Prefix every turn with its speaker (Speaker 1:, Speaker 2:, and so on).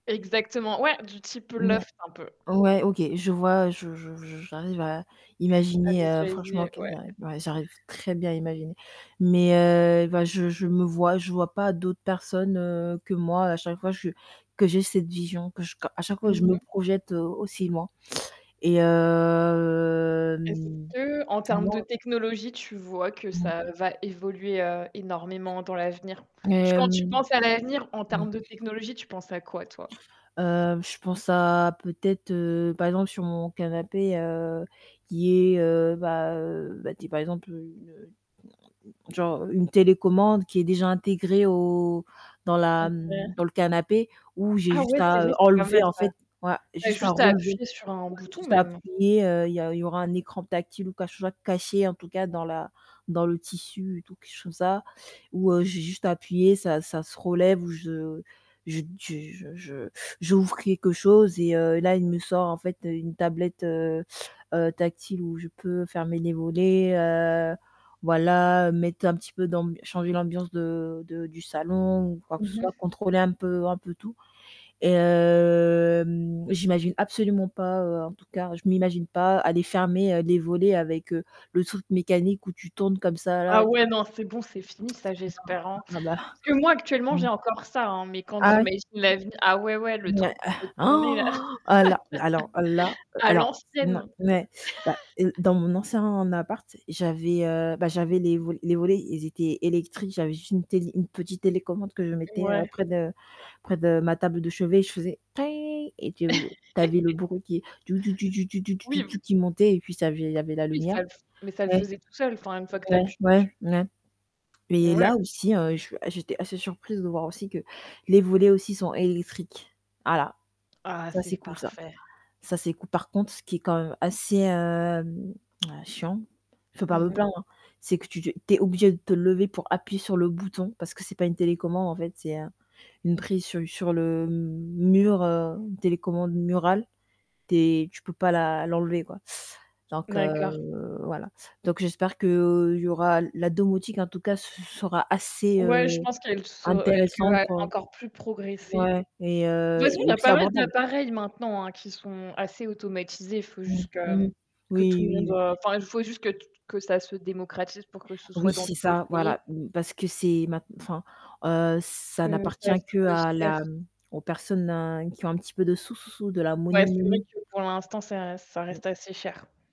Speaker 1: Exactement, ouais, du type
Speaker 2: Mouais.
Speaker 1: bluff un peu.
Speaker 2: Ouais, OK, je vois, je je je v j'arrive à
Speaker 1: À
Speaker 2: imaginer, heu, franchement
Speaker 1: visualiser,
Speaker 2: qu'il
Speaker 1: ouais.
Speaker 2: y a ouais, j'arrive très bien à imaginer. Mais, heu, bah, je je me vois je vois pas d'autres personnes, heu, que moi à chaque fois je que j'ai cette vision, que je ca à chaque fois je
Speaker 1: Mmh
Speaker 2: me
Speaker 1: mh.
Speaker 2: projette aussi loin. Et hem
Speaker 1: Est-ce qu'en termes de
Speaker 2: moi
Speaker 1: technologie, tu vois que
Speaker 2: Mmh.
Speaker 1: ça va évoluer, heu, énormément dans l'avenir? Tu quand tu
Speaker 2: Hem,
Speaker 1: penses à l'avenir en
Speaker 2: mmh.
Speaker 1: termes de technologie, tu penses à quoi, toi?
Speaker 2: Heu, je pense à peut-être, heu, par exemple sur mon canapé, heu, qui est, heu bah, heu, bah dit, par exemple, une, heu, genre, une télécommande qui est déjà intégrée au dans la,
Speaker 1: OK.
Speaker 2: mmh dans le canapé où j'ai
Speaker 1: Ah,
Speaker 2: juste
Speaker 1: ouais, c'est
Speaker 2: à,
Speaker 1: vrai,
Speaker 2: heu,
Speaker 1: c'est pas mal
Speaker 2: enlever en
Speaker 1: ça.
Speaker 2: fait, voilà, j'ai
Speaker 1: Tu as
Speaker 2: juste à
Speaker 1: juste à
Speaker 2: relever,
Speaker 1: appuyer sur un
Speaker 2: ouais
Speaker 1: bouton
Speaker 2: juste à
Speaker 1: même.
Speaker 2: appuyer, heu, il y a il y aura un écran tactile ou quelque chose à cacher en tout cas dans la dans le tissu et tout, quelque chose comme ça, où, heu, j'ai juste à appuyer, ça ça se relève ou je je d je je je j'ouvre quelque chose et, heu, là il me sort en fait une tablette, heu, heu, tactile où je peux fermer les volets, heu, voilà, mettre un petit peu d'amb changer l'ambiance de de du salon ou quoi que ce
Speaker 1: Mmh
Speaker 2: soit,
Speaker 1: mh.
Speaker 2: contrôler un peu un peu tout. Et hem j'imagine absolument pas, en tout cas, je m'imagine pas aller fermer, heu, les volets avec, heu, le truc mécanique où tu tournes comme ça
Speaker 1: Ah,
Speaker 2: là, tu
Speaker 1: ouais, non, c'est bon, c'est fini ça, j'espère, hein,
Speaker 2: vois?
Speaker 1: parce
Speaker 2: Ah bah.
Speaker 1: que moi, actuellement,
Speaker 2: Mmh.
Speaker 1: j'ai encore ça, hein, mais quand
Speaker 2: Ah, ouais?
Speaker 1: j'imagine la vie, ah, ouais, ouais le
Speaker 2: mais, heu
Speaker 1: truc où faut tourner là,
Speaker 2: alors alors, là,
Speaker 1: à
Speaker 2: alors, non,
Speaker 1: l'ancienne.
Speaker 2: ouais, bah, heu, dans mon ancien appart, j'avais, heu, bah, j'avais les volets les volets, ils étaient électriques, j'avais juste une télé une petite télécommande que je mettais, heu,
Speaker 1: Ouais.
Speaker 2: près de près de ma table de chevet, je faisais et tou tu avais le bruit qui
Speaker 1: Oui v
Speaker 2: qui montait et puis ça avait il y avait la
Speaker 1: Oui,
Speaker 2: lumière.
Speaker 1: ça le f mais ça le
Speaker 2: Ouais.
Speaker 1: faisait tout seul, enfin, une fois que tu
Speaker 2: Ouais,
Speaker 1: appuies
Speaker 2: ouais,
Speaker 1: dessus.
Speaker 2: mouais. Et
Speaker 1: Ouais.
Speaker 2: là aussi, je suis j'étais assez surprise de voir aussi que les volets aussi sont électriques. Voilà,
Speaker 1: Ah,
Speaker 2: ça c'est
Speaker 1: c'est
Speaker 2: cool ça.
Speaker 1: parfait.
Speaker 2: Ca c'est, cool. Par contre, ce qui est quand même assez, hem, heu, chiant, je peux pas
Speaker 1: Mmh
Speaker 2: me
Speaker 1: mh.
Speaker 2: plaindre, c'est que tu te tu es obligé de te lever pour appuyer sur le bouton parce que c'est pas une télécommande en fait, c'est un une prise sur sur le mur, heu, une télécommande murale, tu es tu peux pas la l'enlever, quoi. Donc,
Speaker 1: D'accord.
Speaker 2: heu, voilà. Donc j'espère qu'il y aura la domotique en tout cas se sera assez, heu,
Speaker 1: Ouais, je pense qu'elles se elles que
Speaker 2: intéressante pour,
Speaker 1: encore plus progressé.
Speaker 2: ouais et
Speaker 1: De toute
Speaker 2: heu
Speaker 1: façon, il y
Speaker 2: et
Speaker 1: a
Speaker 2: aussi
Speaker 1: pas mal
Speaker 2: abordable.
Speaker 1: d'appareils maintenant, hein, qui sont assez automatisés. Il faut
Speaker 2: Mmh,
Speaker 1: juste que
Speaker 2: mmh,
Speaker 1: que tout
Speaker 2: oui,
Speaker 1: le
Speaker 2: oui,
Speaker 1: monde,
Speaker 2: oui.
Speaker 1: heu, enfin, il faut juste que t t que ça se démocratise pour que ce soit
Speaker 2: Oui,
Speaker 1: dans
Speaker 2: c'est
Speaker 1: tous les
Speaker 2: ça,
Speaker 1: foyers.
Speaker 2: voilà. Mmh, parce que c'est ma enfin, heu, ça
Speaker 1: Que ça
Speaker 2: n'appartient
Speaker 1: [unintelligible]
Speaker 2: qu'à
Speaker 1: cher.
Speaker 2: la, mmh aux personnes qui ont un petit peu de sous, sous, sous, de la
Speaker 1: Ouais,
Speaker 2: money,
Speaker 1: c'est vrai
Speaker 2: money.
Speaker 1: que pour l'instant, ça ça
Speaker 2: Mmh.
Speaker 1: reste assez cher.